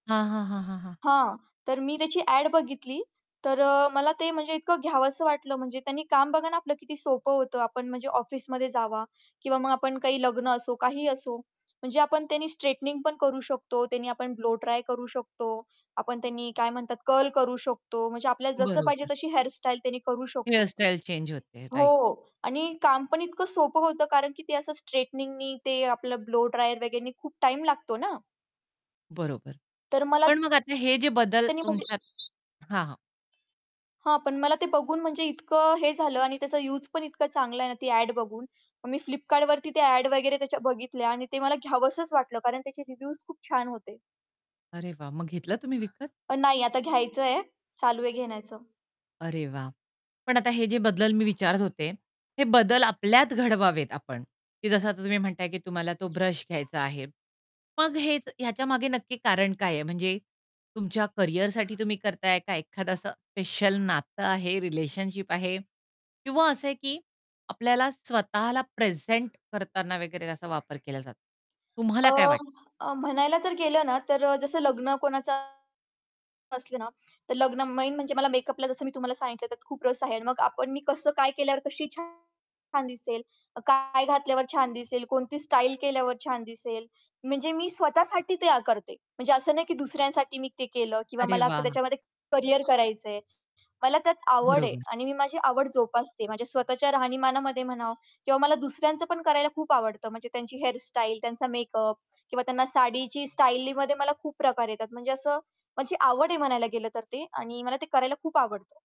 हां, हां, हां, हां. हां, तर मी त्याची ॲड बघितली. तर अ, मला ते म्हणजे इतकं घ्यावसं वाटलं म्हणजे त्यानी काम बघा ना आपलं किती सोपं होतं आपण म्हणजे ऑफिसमध्ये जावा किंवा मग आपण काही लग्न असो काहीही असो, म्हणजे आपण त्यानी स्ट्रेटनिंग पण करू शकतो, त्यानी आपण ब्लोड्राय करू शकतो. आपण त्यांनी काय म्हणतात कर्ल करू शकतो म्हणजे आपल्याला जसं पाहिजे बरोबर. तशी हेअरस्टाईल त्यांनी करू शकतो. हेअर स्टाईल चेंज होते हो राइट. आणि काम पण इतकं सोपं होतं कारण की ते असं स्ट्रेटनिंगनी ते आपलं ब्लो ड्रायर वगैरेंनी खूप टाईम लागतो ना? बरोबर. तर मला, पण त्यांनी मग आता हे जे बदल त्याने म्हणजे तुमच्यात हां, हां. हां, पण मला ते बघून म्हणजे इतकं हे झालं आणि त्याचा यूज पण इतकं चांगलं आहे ना ती ॲड बघून, मग मी Flipkartवरती त्या ॲड वगैरे त्याच्या बघितल्या आणि ते मला घ्यावंसंच वाटलं कारण त्याचे रिव्ह्यूज खूप छान होते. अरे वाह! मग घेतला तुम्ही विकत? अ, नाही आता घ्यायचंय. चालू आहे घेण्याचं. अरे वाह! पण आता हे जे बदल मी विचारत होते, हे बदल आपल्यात घडवावेत आपण, की जसं आता तुम्ही म्हणताय की तुम्हाला तो ब्रश घ्यायचा आहे. मग हेच ह्याच्या मागे नक्की कारण काय आहे? म्हणजे तुमच्या करियरसाठी तुम्ही करताय? का एखादं असं स्पेशल नातं आहे, रिलेशनशिप आहे किंवा असं आहे की आपल्याला स्वतःला प्रेझेंट करताना वगैरे त्याचा वापर केला जातो. अ, तुम्हाला काय वाटतं? अ, म्हणायला जर गेलं ना, तर अ, जसं लग्न कोणाचा असलं ना तर लग्न मेन म्हणजे मला मेकअपला जसं मी तुम्हाला सांगितलं त्यात खूप रस आहे. आणि मग आपण मी कसं काय केल्यावर कशी छान छान दिसेल? काय घातल्यावर छान दिसेल? कोणती स्टाईल केल्यावर छान दिसेल? म्हणजे मी स्वतःसाठी ते अ, करते. म्हणजे असं नाही की दुसऱ्यांसाठी मी ते केलं किंवा अरे मला वाह! त्याच्यामध्ये करियर करायचंय. मला त्यात आवड आहे बरोबर. आणि मी माझी आवड जोपासते, माझ्या स्वतःच्या राहणीमानामध्ये म्हणा किंवा मला दुसऱ्यांचं पण करायला खूप आवडतं म्हणजे त्यांची हेअरस्टाईल, त्यांचा मेकअप किंवा त्यांना साडीची स्टाईलीमध्ये मला खूप प्रकार येतात म्हणजे असं माझी आवड आहे म्हणायला गेलं तर ते आणि मला ते करायला खूप आवडतं.